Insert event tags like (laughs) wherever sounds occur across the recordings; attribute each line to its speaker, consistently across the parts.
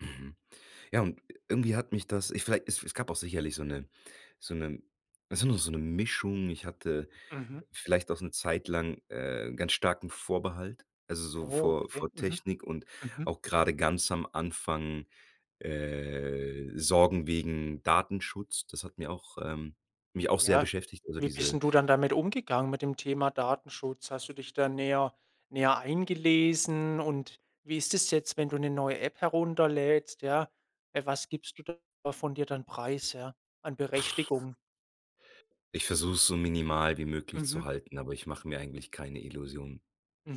Speaker 1: Mhm. Ja, und irgendwie hat mich das ist viellei es es gab auch sicherlich so 'ne so 'ne so 'ne so 'ne Mischung. Ich hatte
Speaker 2: Mhm.
Speaker 1: vielleicht auch 'ne Zeit lang, äh, ganz starken Vorbehalt, also so
Speaker 2: Oh,
Speaker 1: vor
Speaker 2: okay.
Speaker 1: vor
Speaker 2: Mhm,
Speaker 1: Technik und
Speaker 2: mhm.
Speaker 1: auch grade ganz am Anfang, äh, Sorgen wegen Datenschutz. Das hat mir auch ähm, mich auch sehr
Speaker 2: Ja,
Speaker 1: beschäftigt, also
Speaker 2: wie bist
Speaker 1: diese
Speaker 2: 'n du dann damit umgegangen mit dem Thema Datenschutz? Hast du dich da näher näher eingelesen? Und wie ist es jetzt, wenn du 'ne neue App herunterlädst, ja? Äh, was gibst du da von dir dann preis, ja, an Berechtigung?
Speaker 1: Ich versuch's so minimal wie möglich zu
Speaker 2: Mhm.
Speaker 1: halten, aber ich mach mir eigentlich keine Illusion.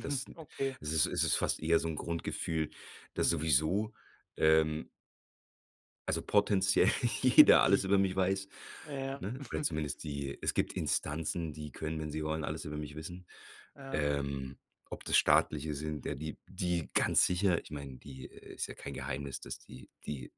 Speaker 1: Das ist 'n
Speaker 2: okay.
Speaker 1: es ist es ist es ist fast eher so 'n Grundgefühl, dass
Speaker 2: Mhm.
Speaker 1: sowieso, ähm Also potenziell (laughs) jeder
Speaker 2: Ah,
Speaker 1: alles über mich weiß,
Speaker 2: ja, ja.
Speaker 1: ne? Oder
Speaker 2: (chuckles)
Speaker 1: zumindest die es gibt Instanzen, die können, wenn sie wollen, alles über mich wissen.
Speaker 2: Ja.
Speaker 1: Ähm, ob das staatliche sind, der die die ganz sicher ich mein, die äh, ist ja kein Geheimnis, dass die die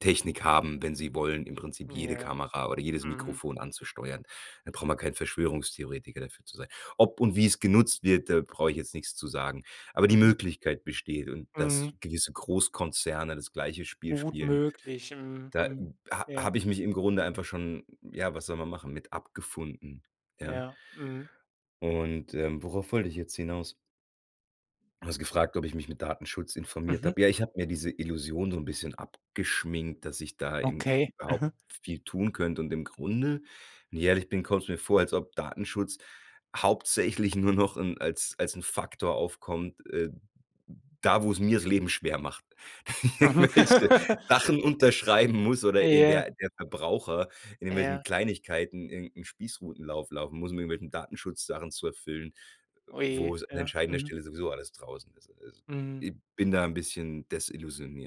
Speaker 1: Technik haben, wenn sie wollen, im Prinzip
Speaker 2: Ja,
Speaker 1: jede
Speaker 2: ja.
Speaker 1: Kamera oder jedes
Speaker 2: Mhm.
Speaker 1: Mikrofon anzusteuern. Da braucht man kein Verschwörungstheoretiker dafür zu sein. Ob und wie es genutzt wird, da brauch ich jetzt nix zu sagen. Aber die
Speaker 2: Mhm.
Speaker 1: Möglichkeit besteht und dass
Speaker 2: Mhm.
Speaker 1: gewisse Großkonzerne das gleiche Spiel
Speaker 2: Gut
Speaker 1: spielen,
Speaker 2: möglich. Mhm,
Speaker 1: da
Speaker 2: mhm.
Speaker 1: ha
Speaker 2: Ja.
Speaker 1: hab ich mich im Grunde einfach schon ja, was soll man machen, mit abgefunden, ja.
Speaker 2: Ja, mhm.
Speaker 1: Und, ähm, worauf wollt ich jetzt hinaus? Du hast gefragt, ob ich mich mit Datenschutz informiert
Speaker 2: Mhm.
Speaker 1: hab. Ja, ich hab mir diese Illusion so 'n bisschen abgeschminkt, dass ich da in
Speaker 2: Okay,
Speaker 1: überhaupt
Speaker 2: mhm.
Speaker 1: viel tun könnte. Und im Grunde, wenn ich ehrlich bin, kommt's mir vor, als ob Datenschutz hauptsächlich nur noch in als als 'n Faktor aufkommt, äh, da, wo's mir das Leben schwer macht.
Speaker 2: Mhm.
Speaker 1: (laughs)
Speaker 2: (laughs)
Speaker 1: (unintelligible) Sachen unterschreiben muss
Speaker 2: Ah,
Speaker 1: oder
Speaker 2: ja.
Speaker 1: der der Verbraucher in irgendwelchen
Speaker 2: Ja.
Speaker 1: Kleinigkeiten irgend 'n Spießrutenlauf laufen muss, um irgendwelchen Datenschutzsachen zu erfüllen, äh, wo
Speaker 2: Ohje,
Speaker 1: es an
Speaker 2: ja,
Speaker 1: entscheidender
Speaker 2: mhm.
Speaker 1: Stelle sowieso alles draußen ist also
Speaker 2: Mhm.
Speaker 1: Ich bin da 'n bisschen desillusioniert.